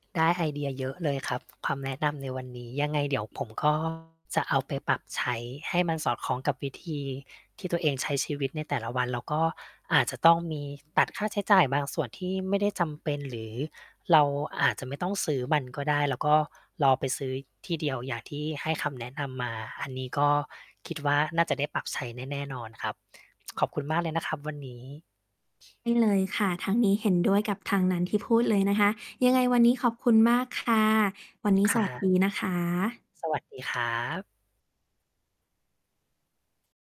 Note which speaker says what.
Speaker 1: ได้ไอเดียเยอะเลยครับ คำแนะนำในวันนี้ ยังไงเดี๋ยวผม ก็ จะเอาไปปรับใช้ให้มันสอดคล้องกับวิธีที่ตัวเองใช้ชีวิตในแต่ละวัน แล้วก็อาจจะต้องมีตัดค่าใช้จ่ายบางส่วนที่ไม่ได้จำเป็น หรือเราอาจจะไม่ต้องซื้อมันก็ได้ แล้วก็รอไปซื้อที่เดียว อย่างที่ให้คำแนะนำมา อันนี้ก็คิดว่า น่าจะได้ปรับใช้แน่ แน่นอนครับ ขอบคุณมากเลยนะครับ วันนี้
Speaker 2: ได้ เลยค่ะ ทางนี้เห็นด้วยกับทางนั้นที่พูดเลยนะคะ ยังไงวันนี้ขอบคุณมากค่ะ วันนี้
Speaker 1: ค
Speaker 2: ส
Speaker 1: ่
Speaker 2: วัส
Speaker 1: ะ
Speaker 2: ดีนะคะ
Speaker 1: สวัสดีครับ